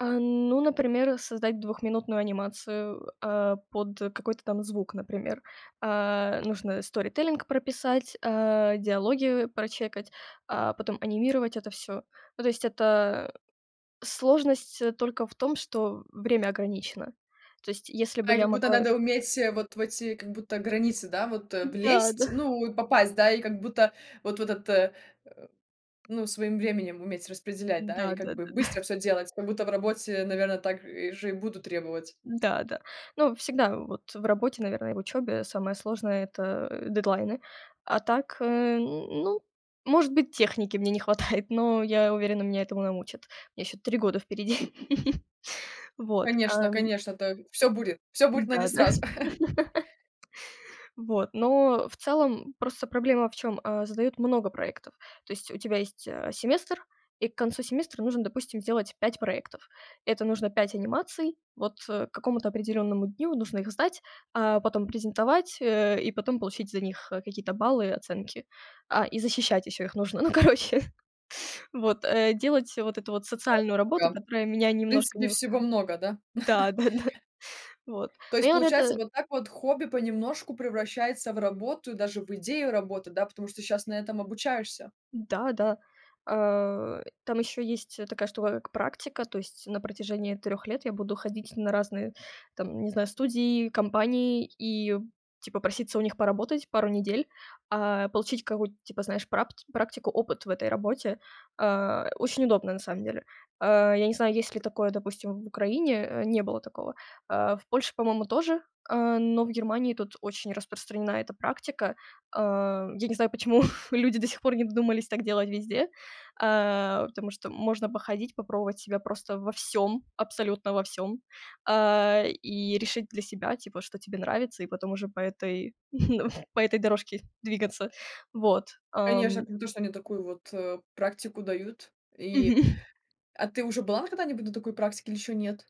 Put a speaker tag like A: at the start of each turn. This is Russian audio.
A: А, ну, например, создать двухминутную анимацию, э, а, под какой-то там звук, например. А, нужно storytelling прописать, а, диалоги прочекать, а, потом анимировать это всё. Ну, то есть это сложность только в том, что время ограничено. То есть, если бы я
B: Как будто
A: могла
B: надо уметь вот в эти, как будто, границы, да, вот
A: Да-да.
B: влезть, ну, от попасть, да, и как будто, вот в этот, э Ну, своим временем уметь распределять, да, и, как
A: Да-да-да. Да.
B: бы, быстро всё делать, как будто в работе, наверно, так и же и буду требовать.
A: Да-да. Ну, всегда вот в работе, наверное, в учёбе самое сложное- это, э, дедлайны. А так, э, н ну, может быть, техники мне не хватает, но я уверена, меня этому научат. У меня ещё 3 года впереди. Вот. А,
B: Конечно,
A: м.
B: конечно, то Всё будет всё будет, но не
A: Да-да.
B: сразу.
A: Вот, но в целом просто проблема в чём? А, задают много проектов. То есть у тебя есть, а, семестр, и к концу семестра нужно, допустим, сделать 5 проектов. Это нужно 5 анимаций. Вот к какому-то определённому дню нужно их сдать, а потом презентовать, э, и потом получить за них какие-то баллы и оценки. А, и защищать еще их нужно. Ну, короче Вот, э, делать вот эту вот социальную работу, которая меня
B: [unintelligible] В
A: немножко
B: принципе,
A: не устраи
B: всего много, да?
A: Да-да-да. Вот.
B: То
A: Но,
B: есть
A: я рот э
B: получается, вот так вот хобби понемножку превращается в работу и даже в идею работы, да? Потому что щас на этом обучаешься.
A: Да-да. А, э, там ещё есть, э, такая штука, как практика. То есть на протяжении 3 лет я буду ходить на разные там, не знаю, студии, компании и типа проситься у них поработать пару недель, а, получить какую-то типа, знаешь, прапт практику, опыт в этой работе. А, э, очень удобно, на самом деле. А, я не знаю, есть ли такое, допустим, в Украине? Э, не было такого. А, в Польше, по-моему, тоже, э, но в Германии тут очень распространена эта практика. Э, я не знаю, почему люди до сих пор не додумались так делать везде. А, потому что можно походить, попробовать себя просто во всём, абсолютно во всём. А, и решить для себя, типа, что тебе нравится. И потом уже по этой, по этой дорожке двигаться. Вот.
B: Конечно,
A: Ам.
B: это не то, что они такую вот, э, практику дают и
A: Мгм.
B: А ты уже была на какой-нибудь на такой практике или ещё нет?